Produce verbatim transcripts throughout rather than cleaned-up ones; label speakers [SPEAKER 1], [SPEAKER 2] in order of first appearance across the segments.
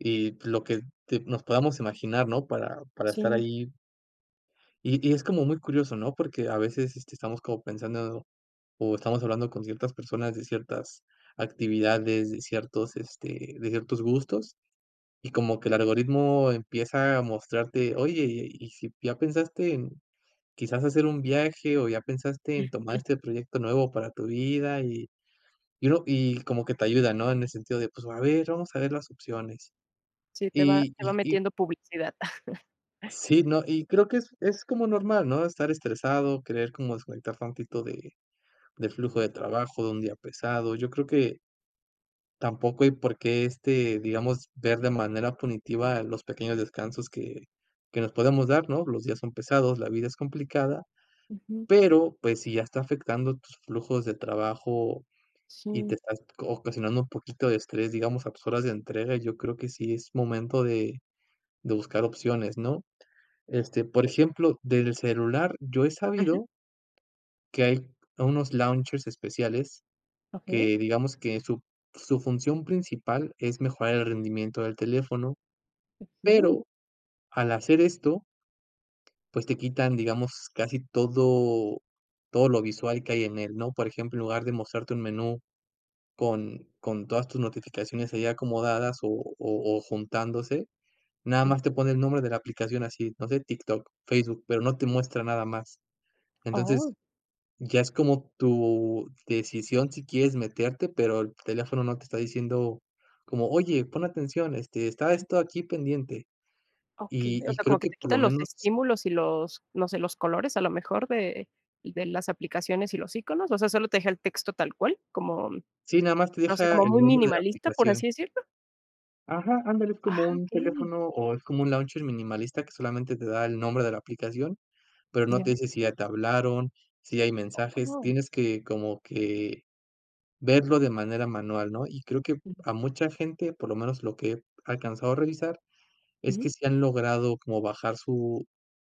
[SPEAKER 1] Y lo que te nos podamos imaginar, ¿no? Para para estar
[SPEAKER 2] Sí.
[SPEAKER 1] ahí y y es como muy curioso, ¿no? Porque a veces, este, estamos como pensando, o estamos hablando con ciertas personas de ciertas actividades, de ciertos, este, de ciertos gustos, y como que el algoritmo empieza a mostrarte: "Oye, ¿y si ya pensaste en quizás hacer un viaje, o ya pensaste en tomar este proyecto nuevo para tu vida", y y uno y como que te ayuda, ¿no? En el sentido de, pues, a ver, vamos a ver las opciones.
[SPEAKER 2] Sí, te va
[SPEAKER 1] Y
[SPEAKER 2] te va
[SPEAKER 1] y y
[SPEAKER 2] metiendo publicidad.
[SPEAKER 1] Sí, no, y creo que es es como normal, ¿no? Estar estresado, querer como desconectar tantito de del flujo de trabajo, de un día pesado. Yo creo que tampoco, y por qué, este, digamos, ver de manera punitiva los pequeños descansos que que nos podemos dar, ¿no? Los días son pesados, la vida es complicada,
[SPEAKER 2] Ujú.
[SPEAKER 1] pero, pues, si ya está afectando tus flujos de trabajo, y te
[SPEAKER 2] Sí.
[SPEAKER 1] estás ocasionando un poquito de estrés, digamos, a tus horas de entrega, yo creo que sí es momento de de buscar opciones, ¿no? Este, por ejemplo, desde el celular yo he
[SPEAKER 2] Ujú.
[SPEAKER 1] sabido que hay unos launchers especiales
[SPEAKER 2] Okey.
[SPEAKER 1] que, digamos, que su su función principal es mejorar el rendimiento del teléfono,
[SPEAKER 2] Okey.
[SPEAKER 1] pero al hacer esto pues, te quitan, digamos, casi todo todo lo visual que hay en él, ¿no? Por ejemplo, en lugar de mostrarte un menú con con todas tus notificaciones ahí acomodadas, o o o, juntándose, nada
[SPEAKER 2] Ujú.
[SPEAKER 1] más te pone el nombre de la aplicación así, no sé, TikTok, Facebook, pero no te muestra nada más. Entonces
[SPEAKER 2] Oh.
[SPEAKER 1] ya es como tu decisión si quieres meterte, pero el teléfono no te está diciendo como: "Oye, pon atención, este, está esto aquí pendiente".
[SPEAKER 2] Okey.
[SPEAKER 1] Y
[SPEAKER 2] O
[SPEAKER 1] y
[SPEAKER 2] sea,
[SPEAKER 1] creo
[SPEAKER 2] como que
[SPEAKER 1] que
[SPEAKER 2] te
[SPEAKER 1] por
[SPEAKER 2] quita
[SPEAKER 1] lo
[SPEAKER 2] los
[SPEAKER 1] menos
[SPEAKER 2] estímulos y los, no sé, los colores, a lo mejor, de de las aplicaciones y los íconos, o sea, ¿solo te deja el texto tal cual, como,
[SPEAKER 1] Sí, nada más te
[SPEAKER 2] no sé,
[SPEAKER 1] deja
[SPEAKER 2] como
[SPEAKER 1] el
[SPEAKER 2] muy
[SPEAKER 1] nombre de la
[SPEAKER 2] minimalista, por
[SPEAKER 1] aplicación.
[SPEAKER 2] así decirlo?
[SPEAKER 1] Ajá, ándale, es
[SPEAKER 2] Ah,
[SPEAKER 1] como un
[SPEAKER 2] okey.
[SPEAKER 1] teléfono, o, es como un launcher minimalista que solamente te da el nombre de la aplicación, pero no te
[SPEAKER 2] Ya.
[SPEAKER 1] dice si ya te hablaron, si hay mensajes,
[SPEAKER 2] Oh.
[SPEAKER 1] tienes que como que verlo de manera manual, ¿no? Y creo que a mucha gente, por lo menos lo que he alcanzado a revisar, es
[SPEAKER 2] Ujú.
[SPEAKER 1] que sí han logrado como bajar su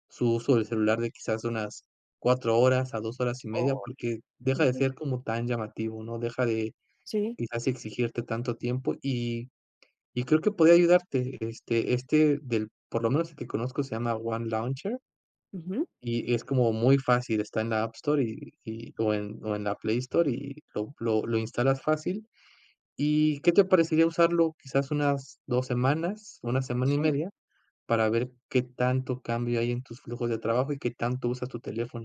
[SPEAKER 1] su uso del celular de quizás unas cuatro horas a dos horas y media,
[SPEAKER 2] Ay.
[SPEAKER 1] porque deja de ser como tan llamativo, ¿no? Deja de
[SPEAKER 2] Sí.
[SPEAKER 1] quizás exigirte tanto tiempo. Y y creo que podría ayudarte, este este, del por lo menos el que conozco se llama One Launcher
[SPEAKER 2] Ujú.
[SPEAKER 1] y es como muy fácil, está en la App Store, y y, o en o en la Play Store, y lo lo lo instalas fácil. ¿Y qué te parecería usarlo quizás unas dos semanas, una semana y
[SPEAKER 2] Sí.
[SPEAKER 1] media. para ver qué tanto cambio hay en tus flujos de trabajo, y qué tanto usas tu teléfono?